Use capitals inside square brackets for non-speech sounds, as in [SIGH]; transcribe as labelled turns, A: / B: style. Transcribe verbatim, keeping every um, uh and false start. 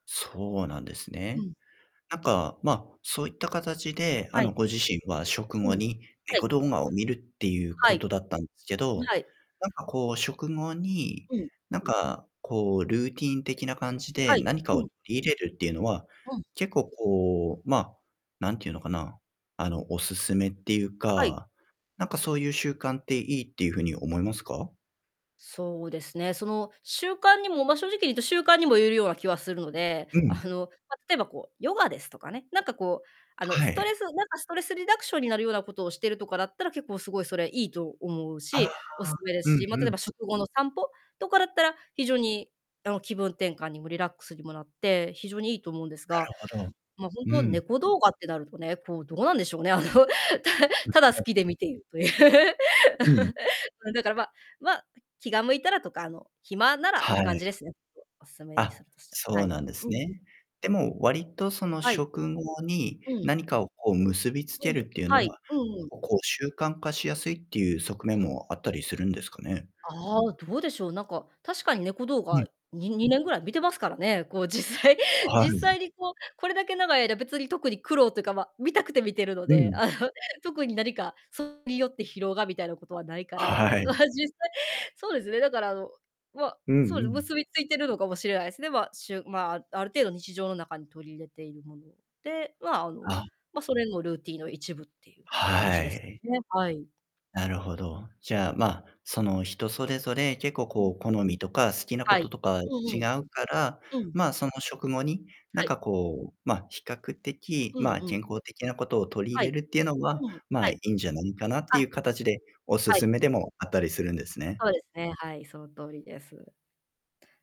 A: そうなんです
B: う
A: ね。
B: ん。
A: なんか、ま、そういった形で、あ
B: は
A: の
B: い。
A: ご自身は食
B: う
A: 後
B: ん。
A: に
B: はい。
A: 猫動画を見るっていう
B: は
A: こ
B: い。ん、
A: とだったんですけど、
B: はい。
A: なんかこう食後に、
B: うん。
A: なんかこうルーティーン的な感じで
B: はい。
A: 何か
B: う
A: を
B: ん。
A: 取り入れるっていうのは、
B: うん。
A: 結構こう、ま、なんていうのかな、あのお勧めっていう
B: はい。
A: か、なんかそういう習慣っていいっていう風に思いますか？
B: そうですね、その習慣にも、ま、正直に言うと習慣にも言えるような気はするので、
A: う
B: あ
A: ん。
B: の、ま、例えばこうヨガですとかね、なんかこう、あの、
A: は
B: スト
A: い。
B: レスなんかストレスリダクションになるようなことをしてるとかだったら、結構凄いそれ良いと思う
A: ああ、
B: し、お勧めで
A: う
B: す
A: ん
B: し、ま、例
A: う
B: え
A: ん。
B: ば食後の散歩とかだったら、非常にあの気分転換にもリラックスにもなって、非常に良いと思うんです
A: な
B: が、
A: るほど。
B: ま、
A: う
B: 本当
A: ん。
B: 猫動画ってなるとね、こうどうなんでしょうね、あの、たただ好
A: [UNINTELLIGIBLE]
B: きで見ているという。
A: うん。
B: [LAUGHS] うん。だから、ま、ま、気が向いたらとか、あの、暇ならっ
A: は
B: て感
A: い。
B: じですね。お勧めに
A: あ、
B: するとしたら。
A: そう
B: はい。
A: なんです
B: うんん。
A: ね。でも、割とその
B: はい。
A: 食後に
B: うん。
A: 何かをこう結びつけ
B: うん、
A: るっていう
B: は
A: の
B: い、
A: は、
B: うんうん。
A: ここう習慣化しやすいっていう側面もあったりするんですかね？
B: ああ、どうでしょう、なんか確かに猫動
A: うん。
B: 画、ににねんぐらい見てますからね。こう実際
A: は
B: 実
A: い。
B: 際にこう、これだけ長い間別に特に苦労っていうか、ま、見たくて見てるの
A: う
B: で、
A: ん。
B: あの特に何かそれによって疲労がみたいなことはないから、
A: は
B: ま、
A: い。
B: 実際そうですね、だからあの、ま、
A: うん
B: そう
A: う
B: ですね、
A: ん。
B: 結びついているのかもしれないですね。で、ま、しゅま、ある程度日常の中に取り入れているもの。で、ま、あの、
A: あ。
B: ま、それもルーティンの一部っていう感じ
A: は
B: です
A: い。
B: ね、はい。
A: なるほど。じゃあ、ま、その人それぞれ結
B: そ
A: 構
B: う、う
A: こ
B: ん。
A: う好みとか、好きなこ
B: は
A: と
B: い。
A: とか
B: うん
A: 違
B: うん。
A: うから、
B: うん。
A: ま、その食後に何
B: はい。
A: かこう、ま、比較的、
B: うん
A: ま、
B: うん。
A: 健康的なことを取り
B: は
A: 入れ
B: い。
A: るっていうのは、
B: うん、は
A: ま、
B: い。
A: いいんじゃないかなってい
B: あ。
A: う形でお
B: はい。
A: 勧めでもあったりするんですね。
B: そうですね、はい、その通りです。